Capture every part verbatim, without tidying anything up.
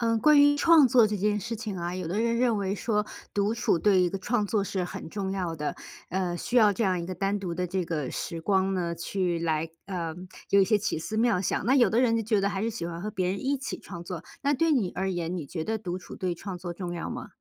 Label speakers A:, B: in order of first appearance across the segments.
A: 呃，关于创作这件事情啊，有的人认为说，独处对于一个创作是很重要的，呃，需要这样一个单独的这个时光呢，去来呃，有一些奇思妙想；那有的人就觉得还是喜欢和别人一起创作。那对你而言，你觉得独处对创作重要吗？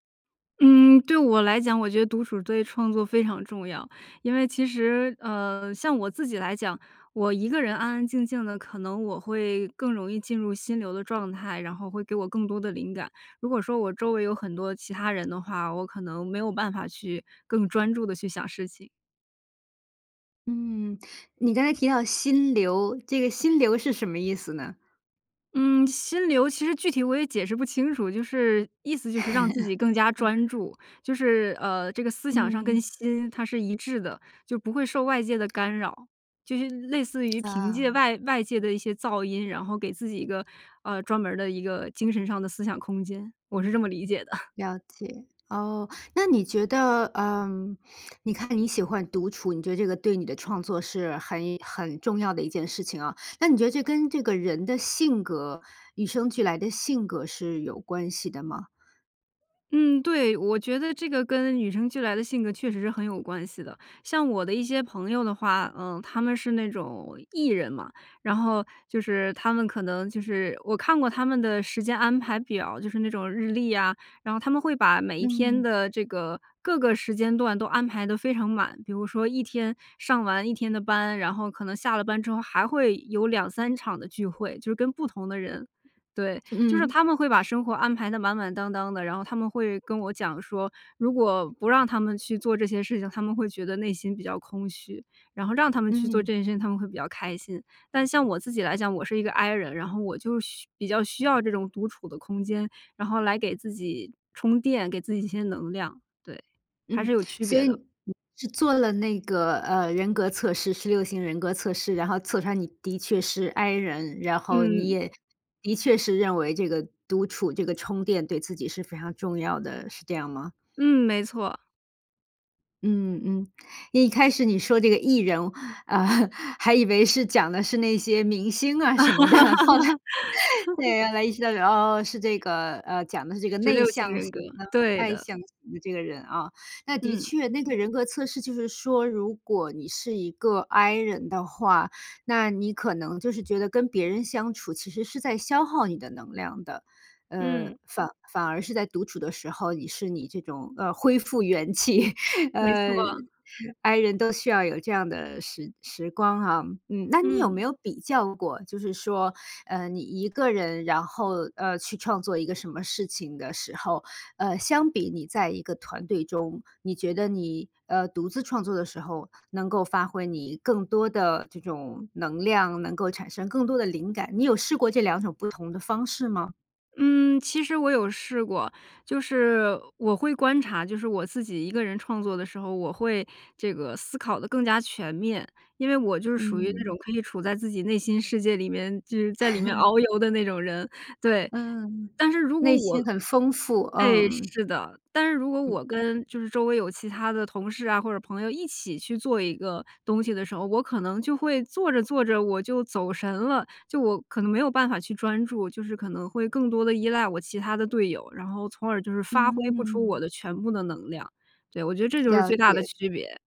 B: 嗯，对我来讲，我觉得独处对创作非常重要。因为其实呃，像我自己来讲，我一个人安安静静的，可能我会更容易进入心流的状态，然后会给我更多的灵感。如果说我周围有很多其他人的话，我可能没有办法去更专注地去想事情。
A: 嗯，你刚才提到心流，这个心流是什么意思呢？
B: 嗯，心流其实具体我也解释不清楚。就是意思就是让自 己更加
A: 嗯。
B: 专注，就是呃，这个思想上跟
A: 嗯。
B: 心它是一致的，就不会受外界的 干扰。就是类似于 凭借
A: 啊。
B: 外外界的一些噪音，然后给自己一个，呃专门儿的一个精神上的思想空间。我是这么理解的。
A: 了解，哦。那你觉得，呃，你看你喜欢独处，你觉得这个对你的创作是很很重要的一件事情啊，那你觉得这跟这个人的性格与生俱来的性格是有关系的吗？
B: 嗯，对，我觉得这个跟与生俱来的性格确实是很有关系的。像我的一些朋友的话，呃，他们是那种 E 人嘛，然后就是他们可能就是我看过他们的时间安排表儿，就是那种日历呀，然后他们会把每一天
A: 嗯。
B: 的这个各个时间段都安排得非常满，比如说一天上完一天的班，然后可能下了班之后还会有两三场的聚会，就是跟不同的人。对，就是
A: 嗯。
B: 他们会把生活安排得满满当当的，然后他们会跟我讲说，如果不让他们去做这些事情，他们会觉得内心比较空虚，然后让他们去做
A: 嗯。
B: 这件事情，他们会比较开心。但像我自己来讲，我是一个 I 人，然后我就需比较需要这种独处的空间，然后来给自己充电，给自己一些能量。对，还
A: 嗯，
B: 是有区
A: 所
B: 别
A: 以
B: 的。
A: 你是做了那个，呃，人格测试，十六型人格测试，然后测出来你的确是 I 人，然后你
B: 嗯。
A: 也的确是认为这个独处这个充电对自己是非常重要的，是这样吗？
B: 嗯，没错。
A: 嗯，嗯，一开始你说这个 E 人，啊，还以为是讲的是那些明星啊什么的。后来，对，后来意识到，哦哦是这个呃，讲的是这个
B: 十
A: 内
B: 六型
A: 向
B: 人格，
A: 型的、
B: 对
A: 外
B: 的。
A: 向型的这个人啊。那的
B: 嗯。
A: 确，那个人格测试就是说，如果你是一个 I 人的话，那你可能就是觉得跟别人相处其实是在消耗你的能量的。
B: 嗯。
A: 呃，反反而是在独处的时候，你是你这种，呃，恢复元气。
B: 没
A: 呃
B: 错。
A: ，I 人都需要有这样的时时光啊，嗯。那你有没
B: 嗯。
A: 有比较过，就是说，呃，你一个人，然后，呃，去创作一个什么事情的时候，呃，相比你在一个团队中，你觉得你，呃，独自创作的时候，能够发挥你更多的这种能量，能够产生更多的灵感。你有试过这两种不同的方式吗？
B: 嗯，其实我有试过。就是我会观察，就是我自己一个人创作的时候，我会这个思考得更加全面。因为我就是属于那
A: 嗯。
B: 种，可以处在自己内心世界里面，就是在里面 遨游的那种人，对。
A: 嗯，
B: 但是如果
A: 内
B: 我
A: 心很丰富，
B: 哎，
A: 嗯。
B: 是的。但是如果
A: 嗯。
B: 我跟就是周围有其他的同事啊或者朋友，一起去做一个东西的时候，我可能就会做着做着我就走神了，就我可能没有办法去专注，就是可能会更多地依赖我其他的队友，然后从耳就是发挥不出我
A: 嗯。
B: 的全部的能量。对，我觉得这就是
A: 了
B: 最大的
A: 解。
B: 区别。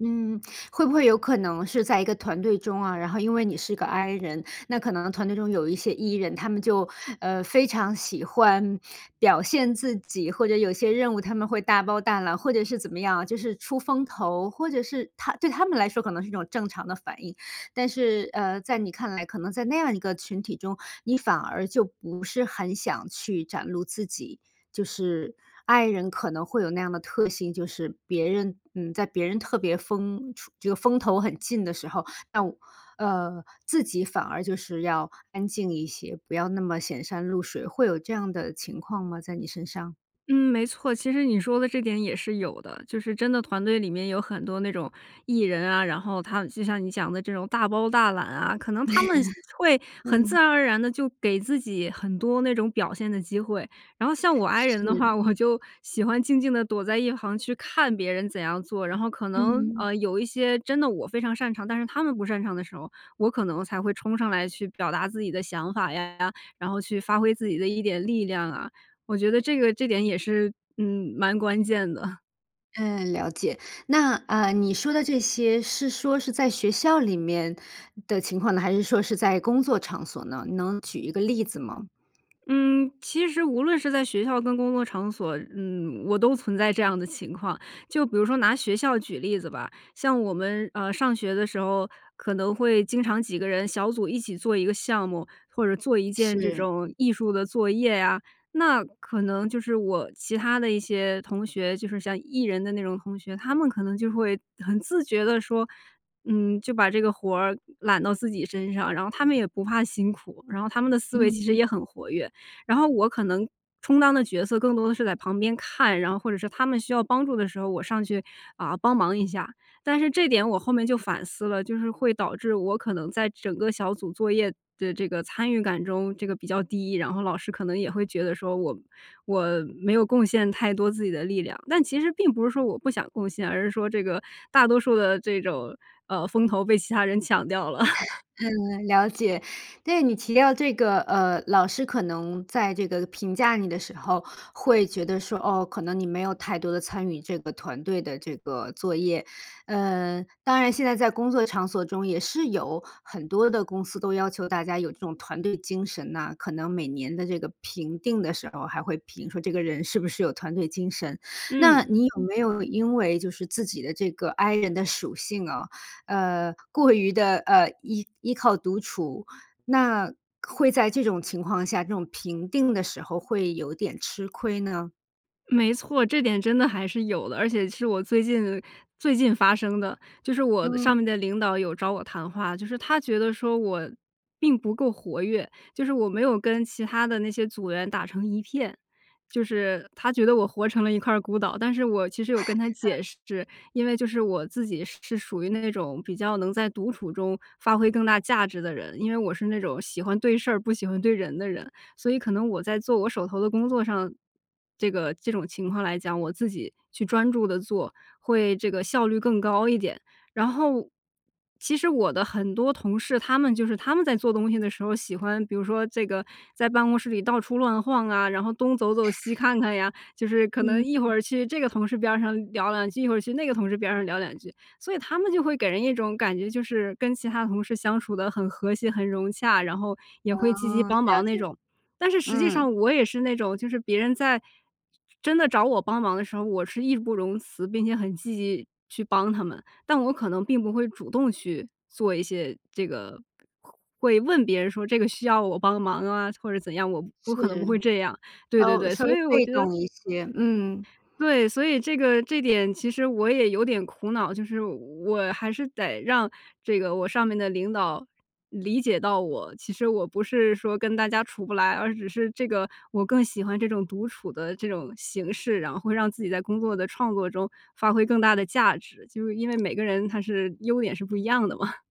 A: 嗯，会不会有可能是在一个团队中啊，然后因为你是个 I 人，那可能团队中有一些 E 人，他们就，呃，非常喜欢表现自己，或者有些任务他们会大包大揽，或者是怎么样啊，就是出风头，或者是他对他们来说可能是一种正常的反应。但是，呃，在你看来可能在那样的一个群体中，你反而就不是很想去展露自己。就是 I 人可能会有那样的特性，就是别人嗯，在别人特别风出这个风头很劲的时候，那我呃，自己反而就是要安静一些，不要那么显山露水。会有这样的情况吗，在你身上？
B: 嗯，没错，其实你说的这点也是有的。就是真的团队里面有很多那种 E 人啊，然后他就像你讲的这种大包大揽啊，可能他们会 很自
A: 嗯。
B: 然而然地就给自己很多那种表现的机会，然后像我 I 人的
A: 是。
B: 话，我就喜欢静静地躲在一旁去看别人怎样做。然后可能，
A: 嗯。
B: 呃，有一些真的我非常擅长，但是他们不擅长的时候，我可能才会冲上来去表达自己的想法呀，然后去发挥自己的一点力量啊，我觉得这个这点也是，嗯，蛮关键的。
A: 嗯，了解。那，呃，你说的这些是说是在学校里面的情况呢，还是说是在工作场所呢？能举一个例子吗？
B: 嗯，其实无论是在学校跟工作场所，嗯，我都存在这样的情况。就比如说拿学校举例子吧，像我们，呃，上学的时候，可能会经常几个人小组一起做一个项目，或者一件这
A: 是。
B: 种艺术的作业啊。那可能就是我其他的一些同学，就是像 E 人的那种同学，他们可能就会很自觉地说，嗯，就把这个活儿揽到自己身上。然后他们也不怕辛苦，然后他们的思维
A: 嗯
B: 其实
A: 嗯。
B: 也很活跃，然后我可能充当的角色更多的是在旁边看，然后或者是他们需要帮助的时候，我上去，啊，帮忙一下。但是这点我后面就反思了，就是会导致我可能在整个小组作业的这个参与感中这个比较低，然后老师可能也会觉得说我我没有贡献太多自己的力量，但其实并不是说我不想贡献，而是说这个大多数的这种，呃，风头被其他人抢掉了。
A: 嗯，了解。但是你提到这个呃，老师可能在这个评价你的时候，会觉得说：“哦，可能你没有太多地参与这个团队的这个作业。”呃，当然现在在工作场所中也是有很多的公司都要求大家有这种团队精神呐，可能每年的这个评定的时候还会评说这个人是不是有团队精神。那
B: 嗯。
A: 你有没有因为就是自己的这个 I 人的属性啊，呃，过于地，呃，依依靠独处。那会在这种情况下，这种评定的时候会有点吃亏呢？
B: 没错，这点真的还是有的，而且其实我最近最近发生的。就是我上
A: 嗯。
B: 面的领导有找我谈话，就是他觉得说我并不够活跃，就是我没有跟其他的那些组员打成一片，就是他觉得我活成了一块儿孤岛。但是我其实有跟 他
A: 嗯。
B: 解释，因为就是我自己是是属于那种比较能在独处中发挥更大价值的人。因为我是那种喜欢对事儿，不喜欢对人的人，所以可能我在做我手头的工作上这个这种情况来讲，我自己去专注地做，会这个效率更高一点。然后我其实我的很多同事，他们就是他们在做东西的时候喜欢比如说这个在办公室里到处乱晃啊，然后东走走西 看看呀，就是可能
A: 嗯
B: 一会
A: 嗯。
B: 儿去这个同事边儿上聊两句，一会儿去那个同事边儿上聊两句。所以他们就会给人一种感觉，就是跟其他同事相处得很和谐、很融洽，然后也
A: 哦，
B: 会积极帮
A: 了
B: 忙那
A: 解。
B: 种。但是实际
A: 嗯。
B: 上我也是那种，就是别人在真的找我帮忙的时候，我是义不容辞并且很积极去帮他们。但我可能并不会主动去做一些这个，会问别人说：“这个需要我帮忙啊？”或者怎样，我我
A: 是，
B: 可能不会这样，对对
A: 稍
B: 对，
A: 稍
B: 所
A: 微
B: 以我
A: 被
B: 觉得
A: 动一些，嗯。
B: 对，所以这个这点其实我也有点苦恼，就是我还是得让这个我上面的领导理解到我。其实我不是说跟大家处不来，而只是这个我更喜欢这种独处的这种形式，然后会让自己在工作的创作中，发挥更大的价值，就是因为每个人他是优点是不一样的嘛。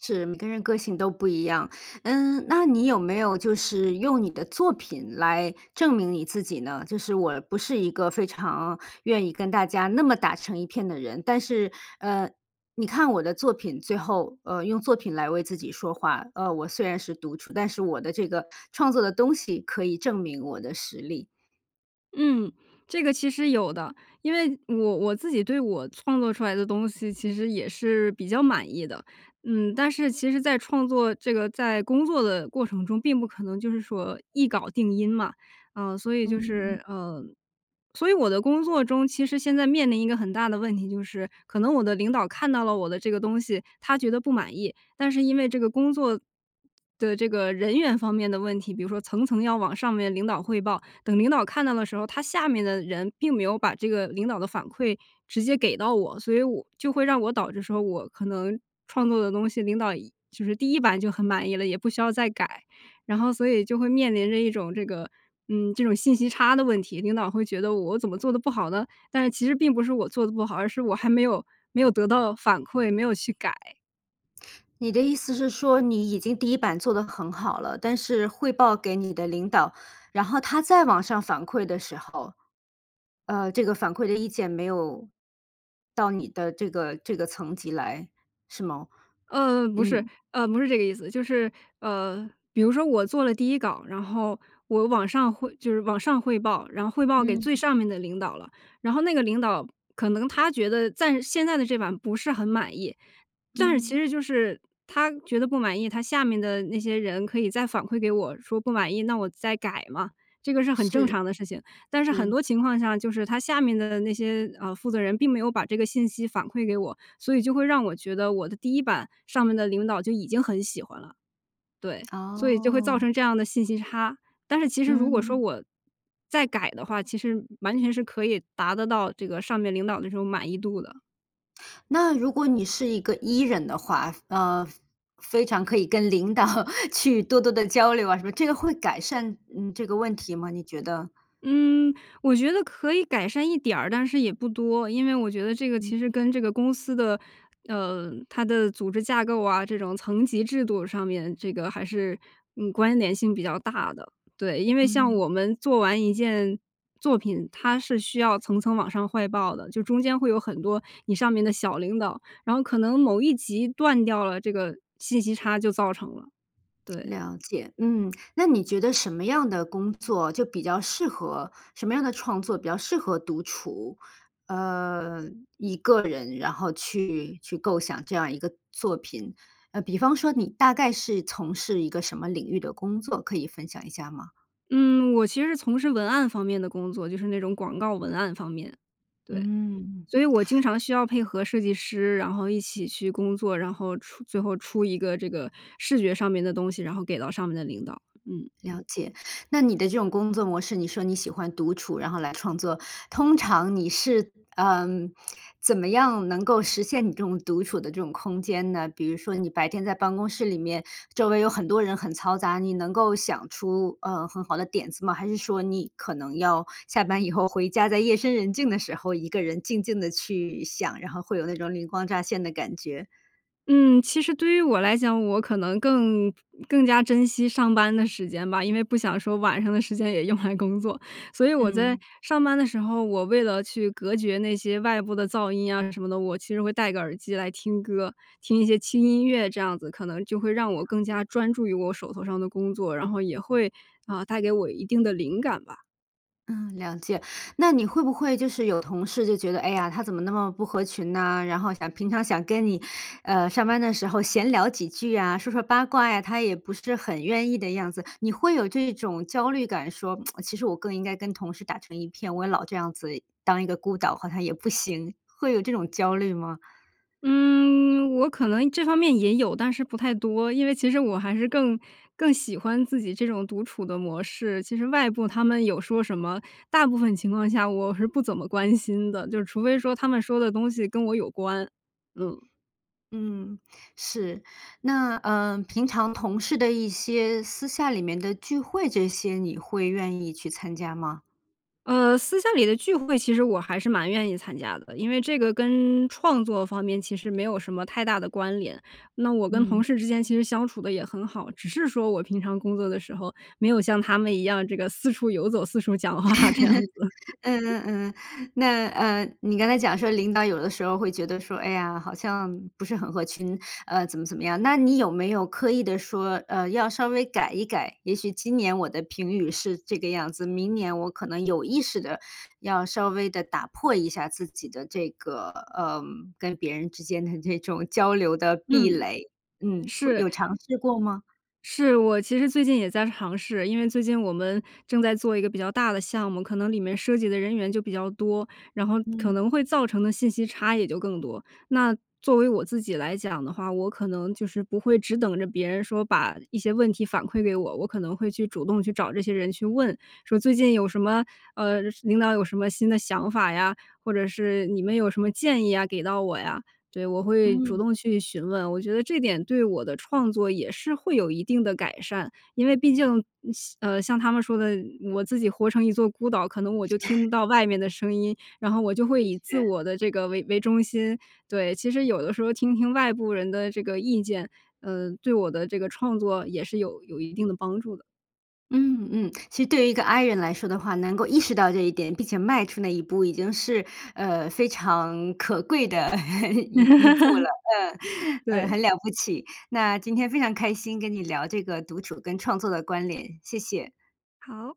A: 是，每个人个性都不一样。嗯，那你有没有就是用你的作品来证明你自己呢？就是我不是一个非常愿意跟大家那么打成一片的人。但是，呃，你看我的作品，最后，呃，用作品来为自己说话。呃，我虽然是独处，但是我的这个创作的东西可以证明我的实力。
B: 嗯，这个其实有的。因为我我自己对我创作出来的东西，其实也是比较满意的。嗯，但是其实在创作这个在工作的过程中，并不可能就是说一稿定音嘛。呃，所以
A: 嗯，
B: 就
A: 嗯。
B: 是呃，所以我的工作中，其实现在面临一个很大的问题，就是可能我的领导看到了我的这个东西，他觉得不满意，但是因为这个工作的这个人员方面的问题，比如说层层要往上面领导汇报，等领导看到的时候，他下面的人并没有把这个领导的反馈直接给到我。所以我就会让我导致说我可能创作的东西，领导一就是第一版就很满意了，也不需要再改。然后所以就会面临着一种这个嗯，这种信息差的问题，领导会觉得我怎么做得不好呢？但是其实并不是我做得不好，而是我还没有没有得到反馈，没有去改。
A: 你的意思是说你已经第一版做得很好了，但是汇报给你的领导，然后他再往上反馈的时候，呃，这个反馈的意见没有到你的这个这个层级来是吗？
B: 呃，不是，
A: 嗯。
B: 呃，不是这个意思。就是，呃，比如说我做了第一稿，然后我往上汇就是往上汇报，然后汇报给最
A: 嗯。
B: 上面的领导了，然后那个领导可能他觉得暂现在的这版不是很满意。但是其
A: 嗯。
B: 实就是他觉得不满意，他下面的那些人可以再反馈给我，说不满意，那我再改嘛，这个是很正
A: 是，
B: 常的事情。但是很
A: 是。
B: 多情况下，就是他下面的那些，呃，负责人并没有把这个信息反馈给我，所以就会让我觉得我的第一版上面的领导就已经很喜欢了。对，所以就会造
A: 哦。
B: 成这样的信息差。但是其实如果说
A: 嗯。
B: 我再改的话，其实完全是可以达得到这个上面领导的这种满意度的。
A: 那如果你是一个 E 人的话，非呃，非常可以跟领导去多多地交流啊什么。这个会改善，嗯，这个问题吗？你觉得？
B: 嗯，我觉得可以改善一点儿，但是也不多。因为我觉得这个其实
A: 嗯。
B: 跟这个公司的，呃，它的组织架构啊，这种层级制度上面这个还是嗯关联性比较大的。对，因为像
A: 嗯。
B: 我们做完一件作品，它是需要层层往上汇报的，就中间会有很多你上面的小领导，然后可能某一级断掉了，这个信息差就造成了，对。
A: 了解，嗯，那你觉得什么样的工作就比较适合什么样的创作比较适合独处？呃，一个人，然后去去构想这样一个作品。呃，比方说你大概是从事一个什么领域的工作，可以分享一下吗？
B: 嗯，我其实从事文案方面的工作，就是那种广告文案方面，对。
A: 嗯。
B: 所以我经常需要配合设计师，然后一起去工作，然后出最后出一个这个视觉上面的东西，然后给到上面的领导，嗯。
A: 了解，那你的这种工作模式，你说你喜欢独处，然后来创作，通常你是，呃，怎么样能够实现你这种独处的这种空间呢？比如说你白天在办公室里面，周围有很多人很嘈杂，你能够想出，呃，很好的点子吗？还是说你可能要下班以后回家，在夜深人静的时候，一个人静静地去想，然后会有那种灵光乍现的感觉？
B: 嗯，其实对于我来讲，我可能更更加珍惜上班的时间吧，因为不想说晚上的时间也用来工作。所以我在
A: 嗯。
B: 上班的时候，我为了去隔绝那些外部的噪音啊什么的，我其实会带个耳机来听歌，听一些轻音乐这样子，可能就会让
A: 了
B: 我更
A: 解。
B: 加专注于我手头上的工作，然后也会，啊，带给我一定的灵感吧。
A: 嗯，了解。那你会不会就是有同事就觉得：“哎呀，她怎么那么不合群呢，然后想平常想跟你，呃，上班的时候闲聊几句啊，说说八卦呀，她也不是很愿意的样子。”你会有这种焦虑感说 其实我更应该跟同事打成一片，我也老这样子-当一个孤岛-好像也不行，会有这种焦虑吗？
B: 嗯，我可能这方面也有，但是不太多，因为其实我还是更更喜欢自己这种独处的模式，其实外部他们有说什么，大部分情况下我是不怎么关心的，就是除非说他们说的东西跟我有关。嗯。
A: 嗯，是，那呃，平常同事的一些私下里面的聚会这些你会愿意去参加吗？
B: 呃，私下里的聚会，其实我还是蛮愿意参加的。因为这个跟创作方面其实没有什么太大的关联，那我跟同
A: 嗯。
B: 事之间其实相处得也很好，只是说我平常工作的时候，没有像他们一样这个四处游走，四处讲话这样子。
A: 嗯 嗯嗯，那，呃，你刚才讲说领导有的时候会觉得说：“哎呀，好像不是很合群，呃，怎么怎么样。”那你有没有刻意地说呃，要稍微改一改？也许今年我的评语是这个样子，明年我可能有意识地要稍微地打破一下自己的这个呃，跟别人之间的这种交流的壁
B: 嗯，
A: 垒。嗯，会
B: 是。
A: 有尝试过吗？
B: 是，我其实最近也在尝试，因为最近我们正在做一个比较大的项目，可能里面涉及的人员就比较多，然后可
A: 嗯。
B: 能会造成的信息差也就更多。那作为我自己来讲的话，我可能就是不会只等着别人说把一些问题反馈给我，我可能会去主动去找这些人去问，说最近有什么呃，领导有什么新的想法呀，或者是你们有什么建议呀给到我呀？对，我会主
A: 嗯。
B: 动去询问，我觉得这点对我的创作也是会有一定的改善，因为毕竟嗯，像呃，像他们说的，我自己活成一座孤岛，可能我
A: 是。
B: 就 听不到外面的声音，然后我就会
A: 的
B: 以自
A: 确。
B: 我的这个为为中心，对。其实有的时候听听外部人的这个意见，呃，对我的这个创作也是有有一定的帮助的。
A: 嗯，嗯，其实对于一个 I 人来说的话，能够意识到这一点，并且迈出那一步已经是呃，非常可贵的 一一步了，嗯，嗯，
B: 对。
A: 很了不起，那今天非常开心跟你聊这个独处跟创作的关联，谢谢。
B: 好。